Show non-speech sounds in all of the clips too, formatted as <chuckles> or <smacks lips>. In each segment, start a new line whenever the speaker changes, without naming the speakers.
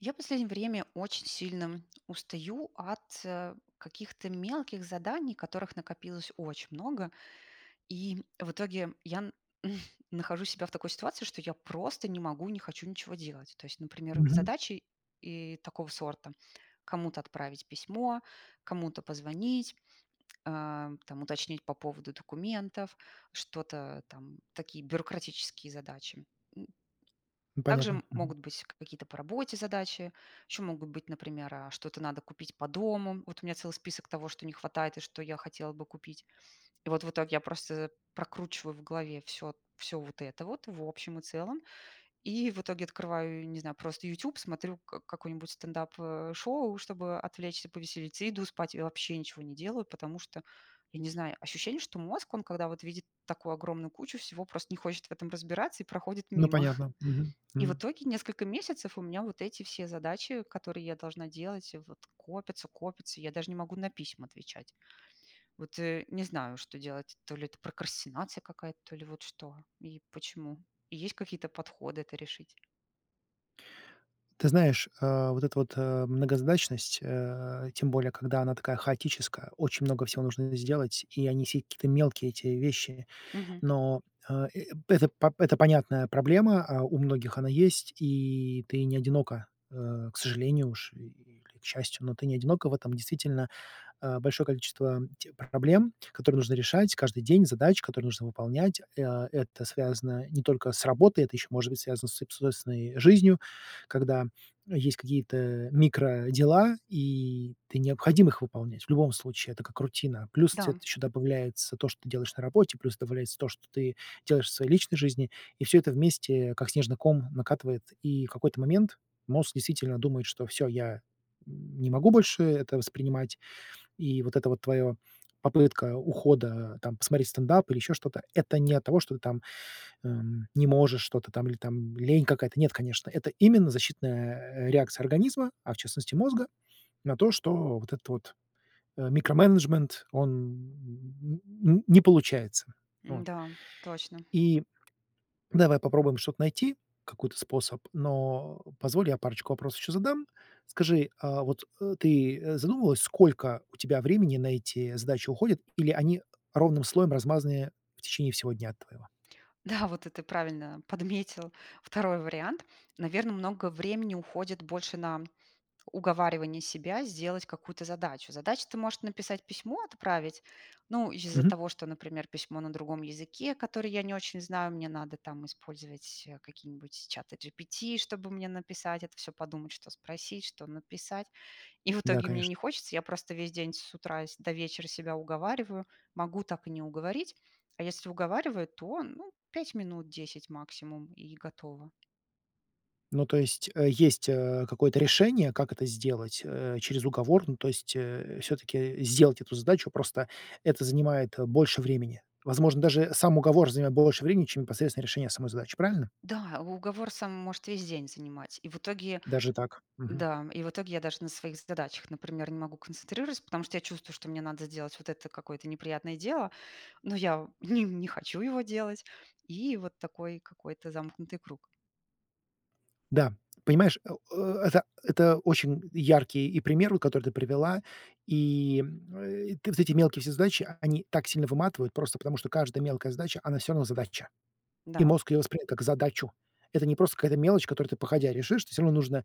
Я последнее время очень сильно устаю, от, э, каких-то мелких заданий, которых накопилось очень много, и, в итоге, я н <chuckles> нахожу себя в такой ситуации, что я просто не могу, не хочу ничего делать. То есть, например,
Мгм.
задачи, и такого сорта- кому-то отправить письмо, кому-то позвонить, а, там, уточнить по поводу документов, что-то, там, такие, бюрократические задачи. М. Также
Понятно.
м
Мгм.
могут быть какие-то по работе задачи, еще могут быть, например, а, что-то надо купить по дому. Вот, у меня целый список того, что не хватает и что я хотела бы купить. И вот, в итоге я просто прокручиваю в голове всё всё вот это вот, в общем и целом. И в итоге, открываю, не знаю, просто, "Ютюб", смотрю к какое-нибудь стендап, э, шоу, чтобы отвлечься, повеселиться, и иду спать, я вообще ничего не делаю, потому, что, я не знаю, ощущение, что мозг, он, когда, вот, видит такую огромную кучу всего, просто не хочет в этом разбираться, и проходит
Ну,
мимо. <chuckles>
понятно. Мгм,
И в
мгм.
итоге, несколько месяцев, у меня вот эти все задачи, которые я должна делать, э, вот, копятся, копятся, я даже не могу на письма отвечать. Вот, э, не знаю, что делать, то ли это прокрастинация какая-то, то ли вот что, и почему, и есть какие-то подходы это решить.
Ты знаешь, а, вот эта вот, э, многозадачность, э, тем более, когда она такая хаотическая, очень много всего нужно сделать, и они все какие-то мелкие, эти вещи.
Мгм.
Но, э, э это п это понятная проблема. А, у многих она есть, и ты не одинока, э, к сожалению уж, или к счастью, но ты не одинока в этом. Действительно, э, большое количество тех проблем, которые нужно решать каждый день, задач, которые нужно выполнять. А, это связано не только с работой, это еще может быть связано с соб с собственной жизнью, когда есть какие-то микродела, и ты необходим их выполнять. В любом случае, это как рутина. Плюс,
Да,
цвет
м.
еще добавляется то, что ты делаешь на работе, плюс добавляется то, что ты делаешь в своей личной жизни. И всё это вместе, как снежный ком, накатывает. И какой-то момент мозг действительно думает, что- всё, я, м, не могу больше это воспринимать, и вот эта вот твоё попытка ухода- там посмотреть стендап, или еще что-то- это не от того, что ты там, эм, не можешь что-то, там, или там лень какая-то. Нет, конечно, это именно защитная, э, реакция организма, а в частности мозга, на то, что вот этот вот, э, микроменеджмент- он н не получается. Вот.
Да, точно.
И давай попробуем что-то найти, какой-то способ, но, а, позволь, я парочку вопросов еще задам. Скажи, а вот, э, ты задумывалась, сколько у тебя времени на эти задачи уходит, или они ровным слоем размазаны в течение всего дня твоего?
Да, вот это правильно подметил 2-й вариант. Наверно, много времени уходит больше на уговаривание себя сделать какую-то задачу. Задача- ты можешь написать письмо, отправить, ну, из-за
Мгм.
того, что, например, письмо на другом языке, который я не очень знаю, мне надо там использовать, э, какие-нибудь чаты GPT, чтобы мне написать это всё, подумать, что спросить, что написать. И в
Да,
итоге мне
конечно.
не хочется, я просто весь день с утра с до вечера себя уговариваю, могу так и не уговорить, а если уговариваю, то, ну, 5 минут, 10 максимум- и готово.
Ну, то есть, э, есть, э, какое-то решение, как это сделать, э, через уговор, ну, то есть, э, всё-таки, э, сделать эту задачу, просто это занимает, э, больше времени. Возможно, даже сам уговор занимает больше времени, чем непосредственно решение самой задачи. Правильно?
Да, уговор сам может весь день занимать, и в итоге
Даже так? Мгм.
да, и в итоге я даже на своих задачах, например, не могу концентрироваться, потому что я чувствую, что мне надо сделать вот это какое-то неприятное дело, но я, ним не не хочу его делать. И вот такой какой-то замкнутый круг.
Да, понимаешь, э, э это это очень яркий, и, пример от который ты привела. И, э, ты вот эти мелкие все задачи, они так сильно выматывают просто потому, что каждая мелкая задача, она всё равно задача. И
Да.
мозг ее воспринимает как задачу. Это не просто какая-то мелочь, которую ты походя решишь, ты всё равно нужно,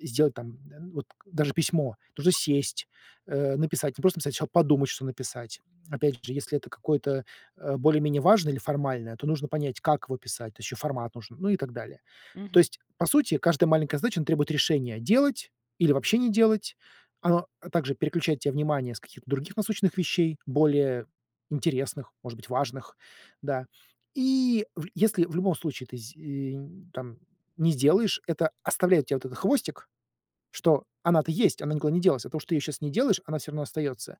э, сделать, там, э, вот даже письмо. Нужно сесть, э, написать не просто, сначала подумать, что написать. Опять же, если это какое-то, э, более-менее важное или формальное, то нужно понять, как его писать, то еще формат нужен, ну и так далее. То
Мгм.
есть, по сути, каждая маленькая задача, она требует решения: делать или вообще не делать. Оно, э, также переключает те внимание с каких-то других насущных вещей, более интересных, может быть, важных, да. И вл если в любом случае ты з э, нь там, не сделаешь, это оставляет те вот этот хвостик, что она-то есть, она никуда не делась. Оттого что ты ее сейчас не делаешь, она всё равно остается.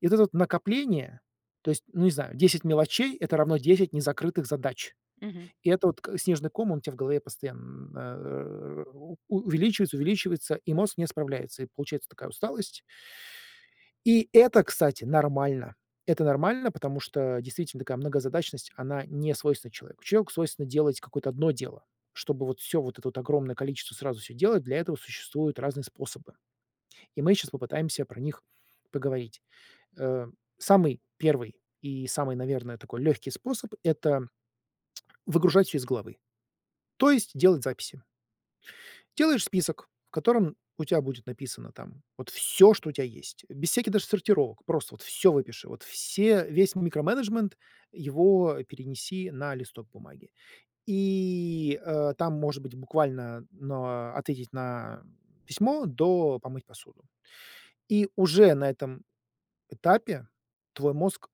И вот это вот накопление, то есть, ну, не знаю, 10 мелочей- это равно 10 незакрытых задач.
Мгм.
И это вот к снежный ком, он у тя в голове постоян э, у увеличивается, увеличивается, и мозг не справляется, и получается такая усталость. И это, кстати, нормально. Это нормально, потому что, действительно, такая многозадачность, она не свойственна человеку. Человеку свойственно делать какое-то одно дело. Чтобы вот всё вот это вот огромное количество сразу всё делать, для этого существуют разные способы, и мы щас попытаемся про них поговорить. Э, самый 1 и самый, наверное, такой легкий способ- это <smacks lips> выгружать всё из головы, то есть делать записи. Делаешь список, в котором у тя будет написано там вот всё, что у тя есть, без всяких даже сортировок, просто, вот, всё выпиши, вот все весь микроменеджмент, его перенеси на листок бумаги и, э, там, может быть, буквально, но "ответить на письмо" до "помыть посуду". И уже на этом этапе твой мозг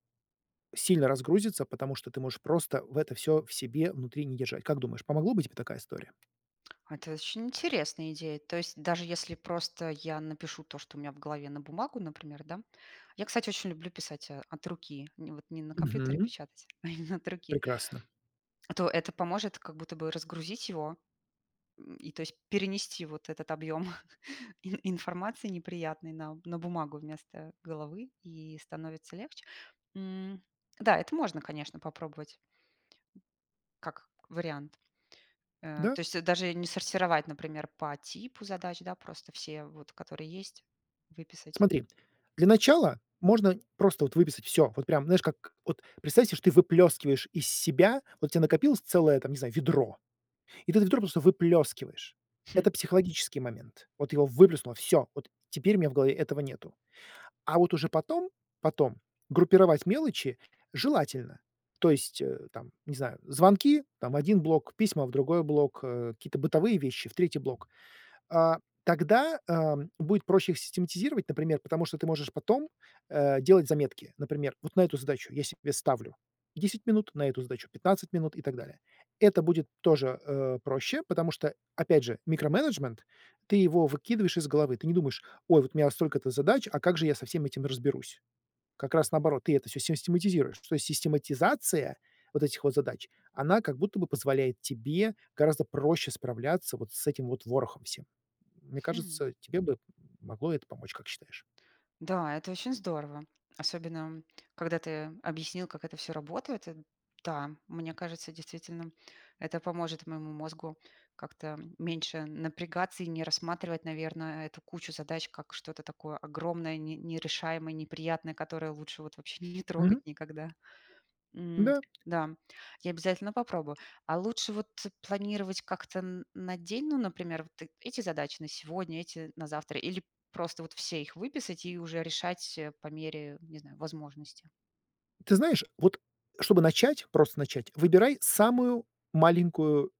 сильно разгрузится, потому что ты можешь, просто, в это всё в себе внутри не держать. Как думаешь, помогло бы тебе такая история?
<clicks tongue> А это очень интересная идея. То есть даже если просто я напишу то, что у меня в голове на бумагу, например, да Я, кстати, очень люблю писать, а, от руки, н вот не на компьютере
Мгм.
печатать, а именно от руки.
Прекрасно.
А то это поможет как будто бы разгрузить его? М, и то есть перенести вот этот объём <chuckles> ин информации неприятной на на бумагу вместо головы, и становится легче? М. Да, это можно, конечно, попробовать как вариант. Э,
Да.
то есть это даже не сортировать, например, по типу задач, да? Просто все вот, которые есть, выписать.
Смотри, для начала можно просто вот выписать всё. Вот прям, знаешь, как: вот представь се, что ты выплёскиваешь из себя. Вот у тя накопилось целое там, не знаю, ведро, и ты это ведро просто выплёскиваешь.
Хм.
Это психологический момент. Вот его выплеснуло, всё, вот теперь у меня в голове этого нету. А вот уже потом, потом группировать мелочи желательно, то есть, э, там, не знаю, звонки, там- в 1 блок, письма- в другой блок, э, какие-то бытовые вещи- в 3-й блок. А, тогда, а, будет проще их систематизировать, например, потому что ты можешь потом, э, делать заметки. Например, вот на эту задачу я себе ставлю 10 минут, на эту задачу 15 минут и так далее. Это будет тоже, э, проще, потому что, опять же, микроменеджмент- ты его выкидываешь из головы. Ты не думаешь: "Ой, вот у меня столько-то задач, а как же я со всем этим разберусь?" Как раз наоборот, ты это всё систематизируешь. То есть систематизация вот этих вот задач, она как будто бы позволяет тебе гораздо проще справляться вот с этим вот ворохом всем. Мне
Хм.
кажется, тебе бы м могло это помочь, как считаешь?
Да, это очень здорово, особенно когда ты объяснил, как это всё работает, ты Да, мне кажется, действительно, это поможет моему мозгу как-то, м, меньше напрягаться и не рассматривать, наверно, эту кучу задач как что-то такое огромное, не нерешаемое, неприятное, которое лучше вот вообще не трогать
Мгм.
никогда. М,
Да.
да, я обязательно попробую. А лучше вот планировать как-то н на день? Ну, например, вот ты эти задачи- на сегодня, эти- на завтра, или просто вот все их выписать и уже решать по мере, не знаю, возможности?
Ты знаешь, вот, чтобы начать, просто начать, выбирай самую маленькую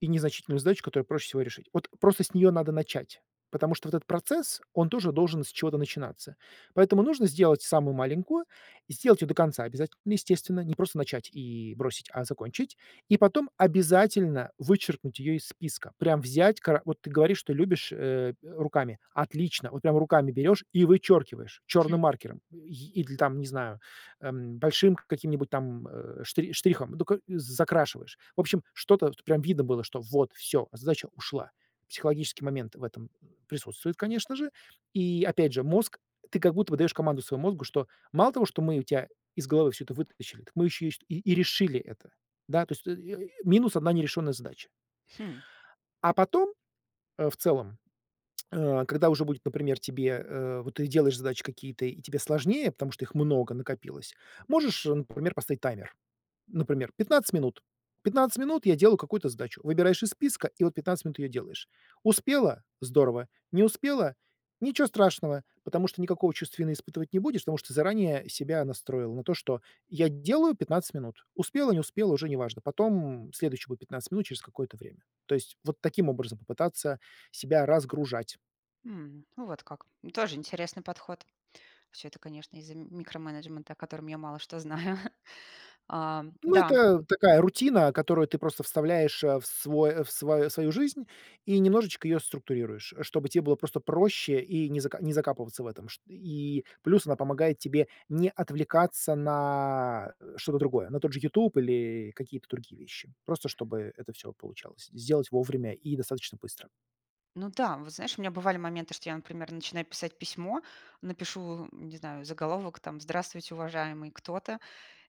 и незначительную задачу, которую проще всего решить. Вот, просто с нее надо начать, потому что вот этот процесс- он тоже должен с чего-то начинаться. Поэтому нужно сделать самую маленькую, и сделать ее до конца обязать естественно. Не просто начать и бросить, а закончить. И потом обязательно вычеркнуть ее из списка. Прям взять ка Вот ты говоришь, что любишь, э, руками. Отлично! Вот прямо руками берешь и вычеркиваешь черным
Хм.
маркером и или, там, не знаю, эм, большим каким-нибудь там, э, ш штрихом, ну, ко з закрашиваешь. В общем, что-то, что прям видно было, что вот, всё, задача ушла. Психологический момент в этом присутствует, конечно же. И опять же, мозг Ты как будто бы даешь команду своему мозгу, что Мало того, что мы у тя из головы всё это вытащили, так мы еще и и ст и решили это. Да, то есть минус 1 нерешенная задача.
Хм.
А потом, э, в целом, <smacks lips> э, когда уже будет, например, тебе, э Вот ты делаешь задачи какие-то, и тебе сложнее, потому что их много накопилось, можешь, например, поставить таймер. Например, 15 минут, 15 минут я делаю какую-то задачу. Выбираешь из списка, и вот 15 минут ее делаешь. Успела- здорово. Не успела- ниче страшного, потому что никакого чувства вины испытывать не будешь, потому что ты заранее себя настроил на то, что: "Я делаю 15 минут". Успела, не успела- уже неважно. Потом следующие будут 15 минут через какое-то время. То есть вот таким образом попытаться себя разгружать.
М. Вот как. Ну, тоже интересный подход. Всё это, конечно, из-за микроменеджмента, о котором я мало что знаю. <chuckles> А,
Ну,
да.
это такая рутина, которую ты просто вставляешь, э, в свой в сво в свою жизнь и немножечко ее структурируешь, чтобы те было просто проще и не за закапываться в этом. Шт и плюс она помогает тебе не отвлекаться на что-то другое, на тот же "Ютуб" или какие-то другие вещи. Просто чтобы это всё получалось сделать вовремя и достаточно быстро.
Ну да. Вот, знаешь, у меня бывали моменты, что я, например, начинаю писать письмо, напишу, м, не знаю, заголовок, там: "Здравствуйте, уважаемый кто-то".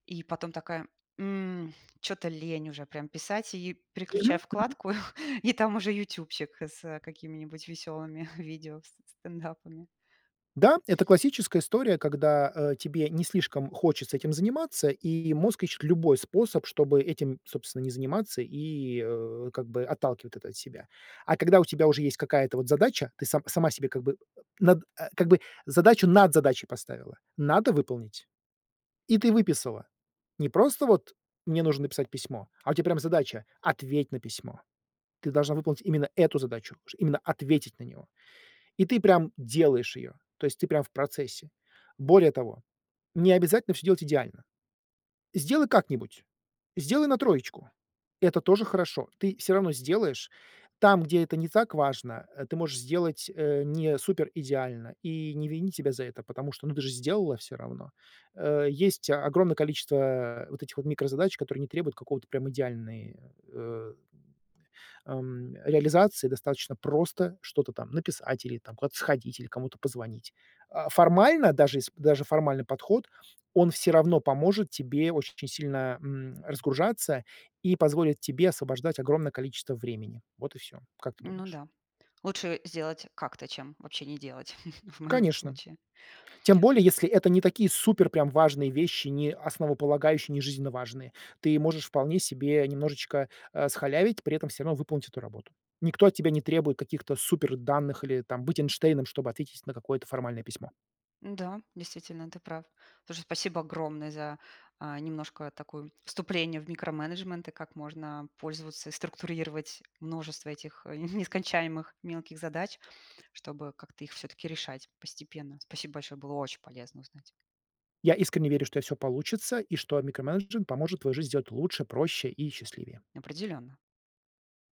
И потом такая: "М, чё-то лень уже прям писать". И
Мгм,
переключаю
мгм.
вкладку, <chuckles> и там уже "Ютубчик" с какими-нибудь весёлыми <chuckles> видео с стендапами.
Да, это классическая история, когда, э, тебе не слишком хочется этим заниматься, и мозг ищет любой способ, чтобы этим, собственно, не заниматься, и, э, как бы отталкивает это от себя. А когда у тебя уже есть какая-то вот задача, ты са сама себе как бы э, над как бы задачу над задачей поставила. Надо выполнить. И ты выписала. Не просто вот: "Мне нужно написать письмо". А у тя прям задача: "Ответь на письмо". Ты должна выполнить именно эту задачу, ш именно ответить на него. И ты прям делаешь ее. То есть ты прям в процессе. Более того, необязательно всё делать идеально. Сделай как-нибудь. Сделай на 3. Это тоже хорошо. Ты сё равно сделаешь. Там, где это не так важно, э, ты можешь сделать, э, не супер идеально и не винить себя за это, потому что, ну, ты же сделала все равно. Э, есть огромное количество, э, вот этих вот микрозадач, которые не требуют какого-то прям идеальный, э ам, э, реализации. Достаточно просто что-то там написать или там куда-то сходить, или кому-то позвонить. А, формально, даже сп даже формальный подход, он всё равно поможет тебе очень сильно, э, м, разгружаться, и позволит тебе освобождать огромное количество времени. Вот и всё. Как ты
Ну
думаешь?
да. Лучше сделать как-то, чем вообще не делать <chuckles> в моем
Конечно.
случае.
Тем более, если это не такие супер прям важные вещи, не основополагающие, не жизненно важные. Ты можешь вполне себе немножечко, э, схалявить, при этом всё равно выполнить эту работу. Никто от тебя не требует каких-то суперданных или, там, быть Эйнштейном, чтобы ответить на какое-то формальное письмо.
Да, действительно, ты прав. Слушай, спасибо огромное за, а, немножко такую вступление в микроменеджмент, и как можно пользоваться и структурировать множество этих <chuckles> нескончаемых мелких задач, чтобы как-то их всё-таки решать постепенно. Спасибо большое, было очень полезно узнать.
Я искренне верю, что у тя всё получится, и что микроменеджмент поможет твою жизнь сделать лучше, проще и счастливее.
Определённо.